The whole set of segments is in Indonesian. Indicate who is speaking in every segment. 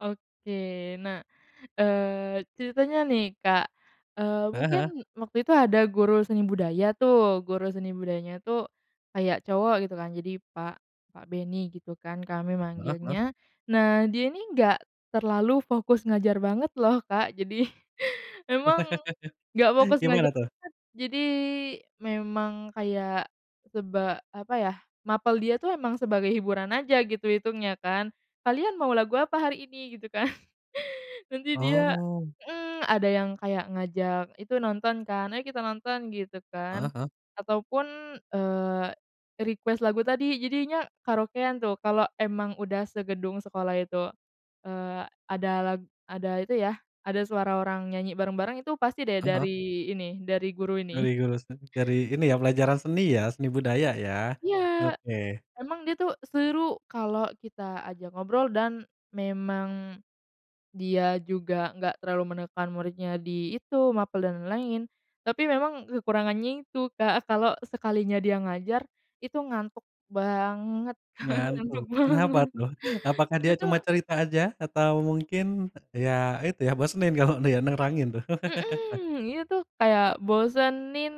Speaker 1: Oke, nah, eee, ceritanya nih, Kak, eee,
Speaker 2: Heeh heeh.
Speaker 1: mungkin waktu itu ada guru seni budaya tuh, guru seni budayanya tuh kayak cowok gitu kan, jadi Pak Pak Benny gitu kan, kami
Speaker 2: Heeh heeh.
Speaker 1: manggilnya. Nah, dia ini enggak terlalu fokus ngajar banget loh, Kak, jadi memang enggak fokus ngajar
Speaker 2: Gimana, tuh?
Speaker 1: banget, jadi memang kayak seba apa ya, mapel dia tuh emang sebagai hiburan aja, gitu, hitungnya kan. "Kalian mau lagu apa hari ini?", gitu kan, nanti dia
Speaker 2: Oh.
Speaker 1: mhm, ada yang kayak ngajak itu nonton kan, "Ayo, kita nonton", gitu kan,
Speaker 2: Heeh heeh.
Speaker 1: ataupun, eee, request lagu tadi jadinya karaokean tuh. Kalo emang udah segedung sekolah itu. Eee ada la ada itu ya, ada suara orang nyanyi bareng-bareng itu pasti deh
Speaker 2: Heeh heeh.
Speaker 1: dari ini, dari guru
Speaker 2: Dari
Speaker 1: ini.
Speaker 2: jurusan, dari ini ya pelajaran seni ya? Seni budaya, ya.
Speaker 1: Iya,
Speaker 2: Oke.
Speaker 1: memang dia tuh seru kalau kita ajak ngobrol dan memang dia juga enggak terlalu menekan muridnya di itu, mapel dan lain-lain. Tapi memang kekurangannya itu, Kak, kalo sekalinya dia ngajar itu ngantuk banget,
Speaker 2: Ngantuk?
Speaker 1: ngantuk
Speaker 2: Kenapa
Speaker 1: banget.
Speaker 2: tuh? Apakah dia
Speaker 1: Gitu.
Speaker 2: cuma cerita aja? Atau mungkin, ya itu ya, bosenin kalau dia nerangin, tuh.
Speaker 1: Mhm, ini tuh kayak bosenin.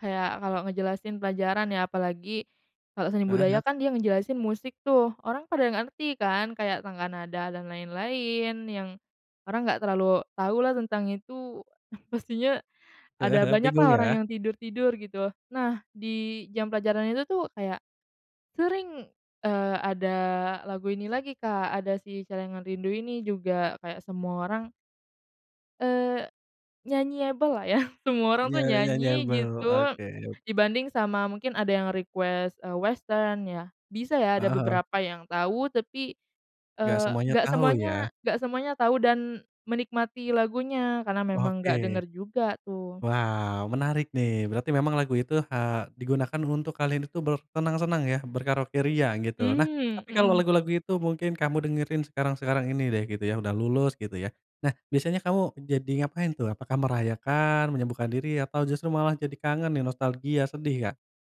Speaker 1: Kayak kalo ngejelasin pelajaran ya, apalagi kalo seni
Speaker 2: Heeh
Speaker 1: budaya
Speaker 2: heeh.
Speaker 1: kan dia ngejelasin musik tuh orang pada nggak ngerti kan, kayak tangga nada dan lain-lain yang orang nggak terlalu tau lah tentang itu. Pastinya
Speaker 2: Heeh
Speaker 1: ada
Speaker 2: heeh.
Speaker 1: banyak lah
Speaker 2: Bingung,
Speaker 1: orang
Speaker 2: ya.
Speaker 1: yang tidur-tidur, gitu. Nah, di jam pelajaran itu tuh kayak, sering, eee, ada lagu ini lagi, Kak, ada Si Celengan Rindu ini juga, kayak semua orang Eee, nyanyi-able lah ya, semua orang
Speaker 2: Nya
Speaker 1: tuh nyanyi
Speaker 2: nyanyi-able.
Speaker 1: gitu
Speaker 2: Oke.
Speaker 1: dibanding sama mungkin ada yang request, eee, Western ya, bisa ya ada
Speaker 2: Heeh heeh.
Speaker 1: beberapa yang tahu tapi,
Speaker 2: Nggak
Speaker 1: eee,
Speaker 2: semuanya
Speaker 1: nggak
Speaker 2: tahu, ya.
Speaker 1: semuanya nggak semuanya tahu dan menikmati lagunya karena memang nggak denger
Speaker 2: Oke.
Speaker 1: juga, tuh.
Speaker 2: Wow, menarik nih. Berarti memang lagu itu he digunakan untuk kalian itu bersenang-senang ya, berkaraoke ria, gitu. Nah,
Speaker 1: Mmm,
Speaker 2: tapi kalau
Speaker 1: mhm.
Speaker 2: lagu-lagu itu mungkin kamu dengerin sekarang-sekarang ini deh gitu ya, udah lulus, gitu ya. Nah, biasanya kamu jadi ngapain tuh? Apakah merayakan, menyembuhkan diri, atau justru malah jadi kangen nih, nostalgia, sedih, Kak?